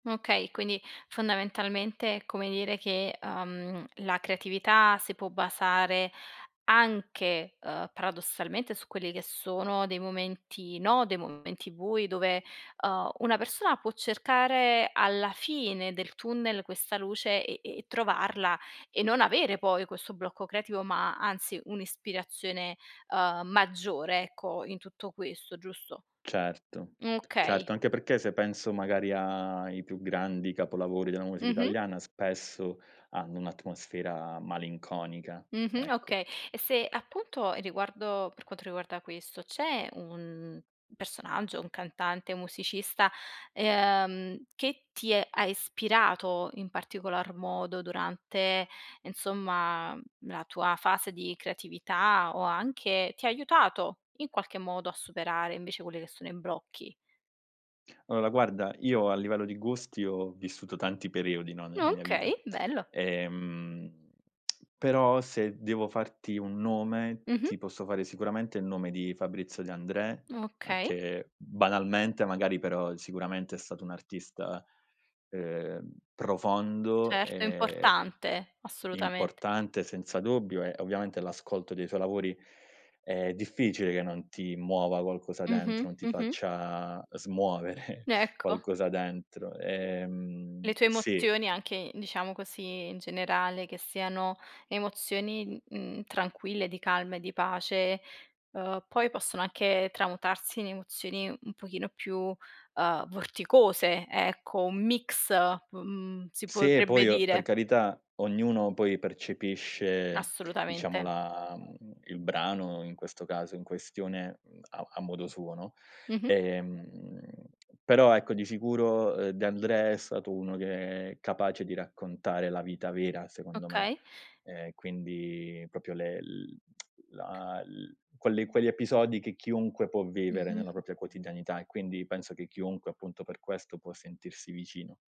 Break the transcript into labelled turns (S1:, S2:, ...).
S1: Okay, quindi, fondamentalmente, è come dire che, ehm, la creatività si può basare anche, ehm, paradossalmente, su quelli che sono dei momenti no, dei momenti bui dove, uhm, una persona può cercare alla fine del tunnel questa luce, e e trovarla e non avere poi questo blocco creativo, ma, anzi, un'ispirazione, ehm, maggiore, ecco, in tutto questo, giusto?
S2: Certo,
S1: Mh, okay.
S2: certo. Anche perché se penso, magari, ai più grandi capolavori della musica
S1: Mh-mh.
S2: italiana, spesso hanno un'atmosfera malinconica,
S1: Mh-mh,
S2: ecco.
S1: okay. E se, appunto, riguardo per quanto riguarda questo, c'è un personaggio, un cantante, un musicista, ehm, che ti ha ispirato in particolar modo durante, insomma, la tua fase di creatività o anche ti ha aiutato, in qualche modo, a superare, invece, quelle che sono i blocchi?
S2: Allora, guarda, io a livello di gusti, ho vissuto tanti periodi, no, nella
S1: Ah,
S2: mia vita.
S1: okay, bello.
S2: Ehm, però se devo farti un nome,
S1: Mh-mh.
S2: ti posso fare sicuramente il nome di Fabrizio De André,
S1: Okay.
S2: anche, banalmente, magari, però, sicuramente, è stato un'artista, ehm, profondo
S1: Certo, è
S2: e
S1: importante, assolutamente.
S2: importante senza dubbio e ovviamente l'ascolto dei suoi lavori è difficile che non ti muova qualcosa
S1: Mh-mh.
S2: dentro, non ti
S1: Mh-mh.
S2: faccia smuovere
S1: Ecco.
S2: qualcosa dentro.
S1: Le
S2: Ehm
S1: tue
S2: sì.
S1: emozioni anche, diciamo così, in generale, che siano emozioni, mhmm, tranquille, di calma e di pace, ehm, poi possono anche tramutarsi in emozioni un pochino più, uhm, vorticose, ecco, un mix, mhmm, si
S2: Sì e
S1: potrebbe
S2: poi o per
S1: dire.
S2: carità ognuno poi percepisce, diciamo,
S1: Assolutamente.
S2: la mhmm, il brano in questo caso in questione a a modo suo, no?
S1: Mh-mh.
S2: Ehm, però, ecco, di sicuro, ehm, De André è stato uno che è capace di raccontare la vita vera, secondo me,
S1: Okay.
S2: ehm, quindi proprio le l la l quelli quegli episodi che chiunque può vivere nella
S1: Mh-mh.
S2: propria quotidianità, e quindi penso che chiunque, appunto, per questo può sentirsi vicino.